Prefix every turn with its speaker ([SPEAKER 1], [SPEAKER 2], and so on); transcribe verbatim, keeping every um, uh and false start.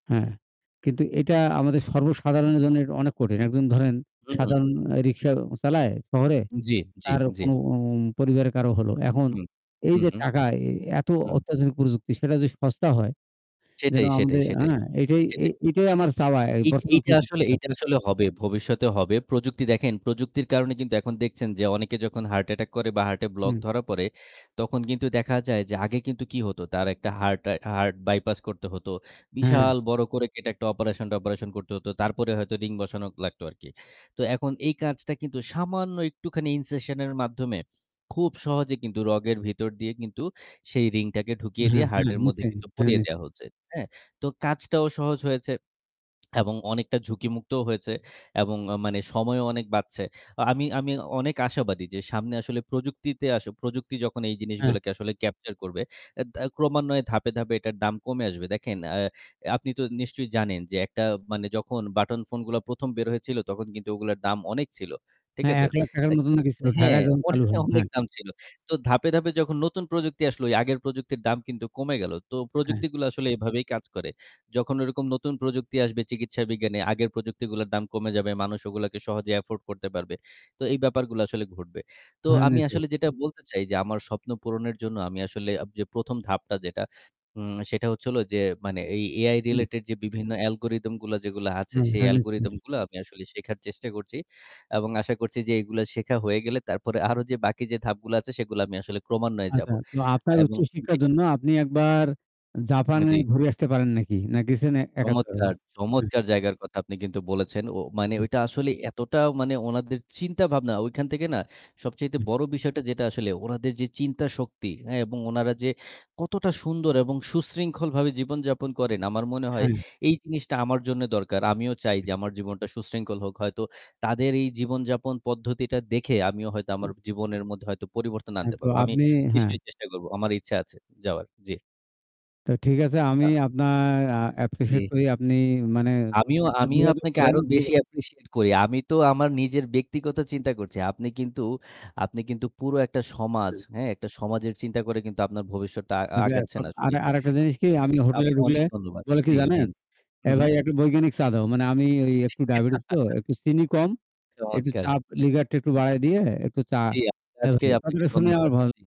[SPEAKER 1] হ্যাঁ, কিন্তু এটা আমাদের সর্বসাধারণের জন্য এট অনেক কঠিন। একজন ধরেন
[SPEAKER 2] হু।
[SPEAKER 1] সাধারণ অ্যা রিক্সা চালায় শহরে।
[SPEAKER 2] জ্বী, জ্বী,
[SPEAKER 1] তারও
[SPEAKER 2] জ্বী।
[SPEAKER 1] কোনো উম পরিবারের কারও হল। এখন
[SPEAKER 2] হু।
[SPEAKER 1] এই
[SPEAKER 2] হু,
[SPEAKER 1] যে
[SPEAKER 2] হু।
[SPEAKER 1] টাকা, এ এত
[SPEAKER 2] হুম।
[SPEAKER 1] অত্যাধুনিক প্রযুক্তি, সেটা য সস্তা হয় যেন
[SPEAKER 2] সেটাই, সেটাই,
[SPEAKER 1] আমদে
[SPEAKER 2] সেটাই,
[SPEAKER 1] অ্যা এটাই এ
[SPEAKER 2] সেটাই।
[SPEAKER 1] এটাই আমার চাওয়া এ
[SPEAKER 2] এইট
[SPEAKER 1] বর্তমান
[SPEAKER 2] এইটা আসলে
[SPEAKER 1] প্রযুক্তির
[SPEAKER 2] এইটা
[SPEAKER 1] কাছে।
[SPEAKER 2] আসলে হবে, ভবিষ্যতে হবে। প্রযুক্তি দেখেন প্রযুক্তির কারণে কিন্তু এখন দেখছেন যে অনেকে যখন হার্ট অ্যাটাক করে বা হার্টে ব্লক
[SPEAKER 1] হুম।
[SPEAKER 2] ধরা পড়ে, তখন কিন্তু দেখা যায় যে আগে কিন্তু কি হতো? তার একটা হার্ট অ্যা হার্ট বাইপাস করতে হতো।
[SPEAKER 1] হ্যাঁ।
[SPEAKER 2] বিশাল বড় করে কেটে একটা অপারেশন-টপারেশন করতে হতো। তারপরে হয়তো রিং বসানো লাগতো আরকি। তো এখন এই কাজটা কিন্তু সামান্য একটুখানি incession এর মাধ্যমে খুব সহজে কিন্তু রগের ভিতর দিয়ে কিন্তু সেই রিংটাকে ঢুকিয়ে দিয়ে
[SPEAKER 1] হ্যাঁ, হ্যাঁ।
[SPEAKER 2] হার্টের মধ্যে
[SPEAKER 1] নিশ্চয়ই।
[SPEAKER 2] কিন্তু
[SPEAKER 1] হ্যাঁ,
[SPEAKER 2] পরিয়ে
[SPEAKER 1] নিশ্চ
[SPEAKER 2] দেয়া হচ্ছে, হ্যাঁ? তো কাজটাও সহজ হয়েছে। এবং অনেকটা ঝুঁকিমুক্তও হয়েছে এবং আ মানে সময়ও অনেক বাঁচছে। আ আমি আমি অনেক আশাবাদী যে সামনে আসলে প্রযুক্তিতে আস প্রযুক্তি যখন এই
[SPEAKER 1] হ্যাঁ
[SPEAKER 2] জিনিসগুলোকে আসলে capture করবে, এ দা ক্রমান্বয়ে ধাপে, ধাপে এটার দাম কমে আসবে। দেখেন অ্যা আপনি তো নিশ্চয়ই জানেন যে একটা মানে যখন বাটন ফোনগুলা প্রথম বের হয়েছিল তখন কিন্তু ওগুলোর দাম অনেক ছিল, ঠিক
[SPEAKER 1] হ্যাঁ
[SPEAKER 2] আছে?
[SPEAKER 1] এক লাখ টাকা র
[SPEAKER 2] অ্যা
[SPEAKER 1] মত
[SPEAKER 2] কিন
[SPEAKER 1] নাকি ছিল
[SPEAKER 2] হ্যাঁ,
[SPEAKER 1] ঢাকায় যহন
[SPEAKER 2] অনে
[SPEAKER 1] চালু হয়,
[SPEAKER 2] অনেক
[SPEAKER 1] হ্যাঁ।
[SPEAKER 2] দাম ছিল। তো ধাপে, ধাপে যখন নতুন প্রযুক্তি আসলো, ওই আগের প্রযুক্তির দাম কিন্তু কমে গেল। তো
[SPEAKER 1] হ্যাঁ।
[SPEAKER 2] প্রযুক্তিগুলো আসলে এভাবেই কাজ করে। যখন ওইরকম নতুন প্রযুক্তি আসবে চিকিৎসা বিজ্ঞানে, আগের প্রযুক্তিগুলার দাম কমে যাবে। মানুষ ওগুলাকে সহজে afford করতে পারবে। তো এই ব্যাপারগুলা আসলে ঘটবে। তো
[SPEAKER 1] হ্যাঁ।
[SPEAKER 2] আমি
[SPEAKER 1] নিশ্চয়ই।
[SPEAKER 2] আসলে যেটা বলতে চাই যে আমার স্বপ্ন পূরণের জন্য আমি আসলে আপ যে প্রথম ধাপটা যেটা, উম সেটা হচ্ছে হলো যে মানে এই AI
[SPEAKER 1] হু।
[SPEAKER 2] related যে বিভিন্ন algorythm গুলা যেগুলা আছে, সেই algorythm
[SPEAKER 1] [unintelligible]
[SPEAKER 2] গুলা আমি আসলে শেখার চেষ্টা করছি। এবং আশা করছি যে এগুলা শেখা হয়ে গেলে তারপরে আরো যে বাকি যে ধাপগুলো আছে, সেগুলো আমি আসলে ক্রমান্বয়ে
[SPEAKER 1] আছা।
[SPEAKER 2] যাবো।
[SPEAKER 1] তো আপনার
[SPEAKER 2] এবং
[SPEAKER 1] উচ্চ
[SPEAKER 2] জি।
[SPEAKER 1] শিক্ষার জন্য আপনি একবার
[SPEAKER 2] এ
[SPEAKER 1] জাপানে
[SPEAKER 2] জ্বি।
[SPEAKER 1] ঘুরে আসতে পারেন নাকি? না গেছেন অ্যা
[SPEAKER 2] চমৎকার!
[SPEAKER 1] এক-আধবার?
[SPEAKER 2] চমৎকার জায়গার কথা আপনি কিন্তু বলেছেন। ও মানে ওইটা আসলে এতটা মানে ওনাদের চিন্তা ভাবনা, ঐখান থেকে না সবচাইতে বড় বিষয়টা যেটা আসলে উনাদের যে চিন্তা শক্তি, হ্যাঁ? এবং উনারা যে কতটা সুন্দর এবং সুশৃঙ্খলভাবে জীবন যাপন করেন, আমার মনে হয়
[SPEAKER 1] হ্যাঁ।
[SPEAKER 2] এই জিনিসটা আমার জন্যে দরকার। আমিও চাই
[SPEAKER 1] [unintelligible]
[SPEAKER 2] যে আমার জীবনটা সুশৃঙ্খল হোক। হয়তো তাদের এই জীবনযাপন পদ্ধতিটা দেখে আমিও হয়তো আমার জীবনের মধ্যে হয়তো পরিবর্তন
[SPEAKER 1] হ্যাঁ,
[SPEAKER 2] আনতে
[SPEAKER 1] তো
[SPEAKER 2] পারব। আমি
[SPEAKER 1] আপনি হ্যাঁ।
[SPEAKER 2] নিশ্চয়ই চেষ্টা করবো, আমার ইচ্ছা আছে যাওয়ার। জী।
[SPEAKER 1] তো ঠিক আছে আমি
[SPEAKER 2] হ্যাঁ।
[SPEAKER 1] আপনার আ appreciate
[SPEAKER 2] জি।
[SPEAKER 1] করি ।আপনি মানে
[SPEAKER 2] আমিও
[SPEAKER 1] একটা
[SPEAKER 2] আমিও
[SPEAKER 1] যোগাযোগ
[SPEAKER 2] আপনাকে
[SPEAKER 1] করেন।
[SPEAKER 2] আরো
[SPEAKER 1] যো
[SPEAKER 2] বেশি appreciate করি। আমি তো আমার নিজের ব্যক্তিগত চিন্তা করছি। আপনি কিন্তু আপনি কিন্তু পুরো একটা সমাজ
[SPEAKER 1] হু।
[SPEAKER 2] হ্যাঁ? একটা সমাজের চিন্তা করে কিন্তু আপনার ভবিষ্যতটা আ
[SPEAKER 1] আচ্ছা।
[SPEAKER 2] আগাচ্ছেন
[SPEAKER 1] সব
[SPEAKER 2] আসলে।
[SPEAKER 1] আর আরেকটা জিনিস কি?
[SPEAKER 2] [unintelligible]
[SPEAKER 1] আমি
[SPEAKER 2] আপ
[SPEAKER 1] হোটেলে ঢুকলে
[SPEAKER 2] অনেক ধন্যবাদ।
[SPEAKER 1] বলে কি
[SPEAKER 2] জ্বী, জ্বী।
[SPEAKER 1] জানেন? "এ
[SPEAKER 2] হু, হু।
[SPEAKER 1] ভাই একটা বৈজ্ঞানিক চা দাও।" মানে আমি ওই একটু ডায়াবেটিস তো, একটু চিনি কম একটু
[SPEAKER 2] চমৎকার!
[SPEAKER 1] চাপ লিকারটা একটু
[SPEAKER 2] হু, হু।
[SPEAKER 1] বাড়ায় দিয়ে একটু চা
[SPEAKER 2] জ্বী, [unintelligible]
[SPEAKER 1] হ্যা,
[SPEAKER 2] আজকে
[SPEAKER 1] ভাই।
[SPEAKER 2] আপনাকে
[SPEAKER 1] কথাটা শুনে
[SPEAKER 2] ধন্যবাদ।
[SPEAKER 1] আমার ভাল
[SPEAKER 2] জ্বী।